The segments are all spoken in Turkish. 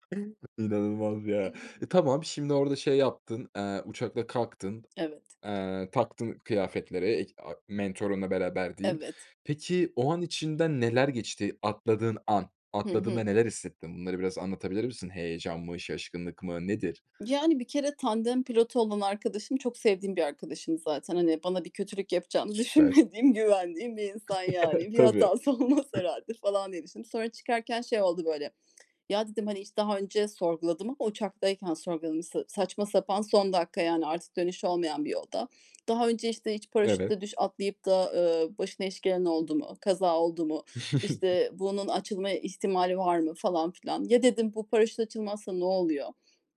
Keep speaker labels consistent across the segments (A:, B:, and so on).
A: [unintelligible] İnanılmaz ya, eee, tamam şimdi orada şey yaptın, aaa, uçakla kalktın,
B: Evet.
A: aaa, taktın kıyafetleri ek a mentorunla beraber diyeyim.
B: Evet.
A: Peki, o an içinden neler geçti atladığın an?
B: Hı hı.
A: Atladığında neler hissettin? Bunları biraz anlatabilir misin? Heyecan mı, şaşkınlık mı nedir?
B: Yani, bir kere, tandem pilotu olan arkadaşım çok sevdiğim bir arkadaşım zaten. Hani, bana bir kötülük yapacağını
A: Süper.
B: düşünmediğim, güvendiğim bir insan yani. Bir
A: Tabii. Hı.
B: hatası olmaz herhâlde falan diye düşündüm. Sonra çıkarken şey oldu böyle, ya dedim, hani, hiç daha önce sorguladım ama uçaktayken sorguladım, sa saçma sapan son dakika, yani artık dönüşü olmayan bir yolda, "Daha önce, işte, hiç
A: Evet.
B: paraşütle düş atlayıp da, aaa, başına iş gelen oldu mu, kaza oldu mu, işte bunun açılma ihtimali var mı?" falan filan. "Ya." dedim, "Bu paraşüt açılmazsa ne oluyor?"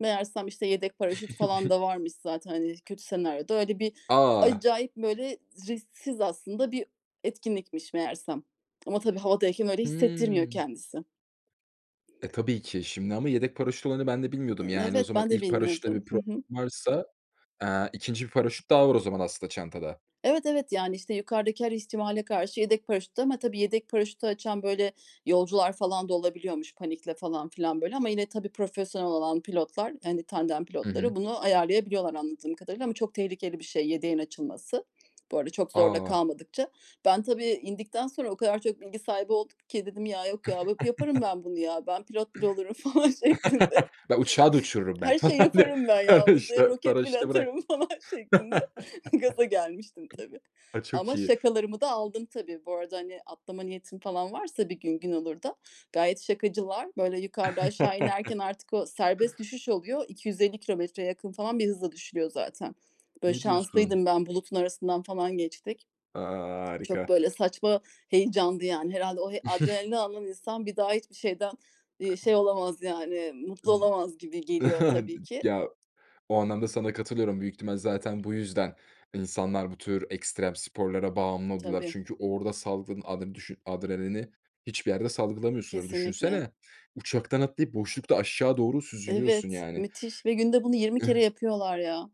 B: Meğersem, işte, yedek paraşüt falan da varmış zaten, hani, kötü senaryoda öyle bir,
A: A!
B: acayip böyle risksiz aslında bir etkinlikmiş meğerse. Ama tabii, havadayken öyle hissettirmiyor
A: Hıı.
B: kendisi.
A: Eee, tabii ki, şimdi ama yedek paraşüt olayını ben de
B: I
A: bilmiyordum yani o
B: evet,
A: zaman,
B: ben de
A: ilk paraşütte
B: bilmiyordum.
A: bir
B: Hı
A: problem
B: hı.
A: varsa, aaa, 2. bir paraşüt daha var o zaman aslında çantada.
B: Evet, evet, yani, işte yukarıdaki her ihtimale karşı yedek paraşüttü ama, tabii yedek paraşütü açan, böyle, yolcular falan da olabiliyormuş panikle falan filan böyle ama yine tabii profesyonel olan pilotlar, yani tandem
A: Hı hı.
B: pilotları bunu ayarlayabiliyorlar anladığım kadarıyla ama çok tehlikeli bir şey yedeğin açılması. Bu arada çok zorda
A: A!
B: kalmadıkça. Ben tabii, indikten sonra o kadar çok bilgi sahibi oldum ki dedim "Ya, yok ya, yaparım ben bunu ya, ben pilot bile olurum." falan şeklinde,
A: Ben uçağı da uçururum, ben,
B: her şeyi
A: falan diye.
B: yaparım ben ya,
A: [unintelligible]
B: uzaya
A: İşte
B: roket bile
A: paraşütü bırak.
B: atarım falan şeklinde gaza gelmiştim tabii.
A: A, çok
B: Ama
A: iyi.
B: şakalarımı da aldın tabii. Bu arada, hani, atlama niyetin falan varsa bir gün gün olur da, gayet şakacılar. Böyle, yukarıda, aşağı inerken, artık o serbest düşüş oluyor, 250 kilometreye yakın falan bir hızla düşülüyor zaten. Böyle,
A: Ne diyorsun?
B: şanslıydım ben, bulutun arasından falan geçtik.
A: A,
B: Çok
A: harika.
B: böyle saçma heyecanlı yani, herhâlde o he adrenalini alan insan bir daha hiçbir şeyden, iii, şey
A: [unintelligible]
B: olamaz yani, mutlu
A: [unintelligible]
B: olamaz gibi geliyor tabii ki.
A: Ya, o anlamda sana katılıyorum büyük ihtimal, zaten bu yüzden insanlar bu tür ekstrem sporlara bağımlı oluyorlar.
B: Tabii.
A: Çünkü orada saldığın adren düşün adrenalini hiçbir yerde salgılamıyorsundur.
B: Kesinlikle.
A: Düşünsene, uçaktan atlayıp boşlukta aşağı doğru süzülüyorsun
B: Evet,
A: yani.
B: müthiş ve günde bunu 20 kere yapıyorlar ya.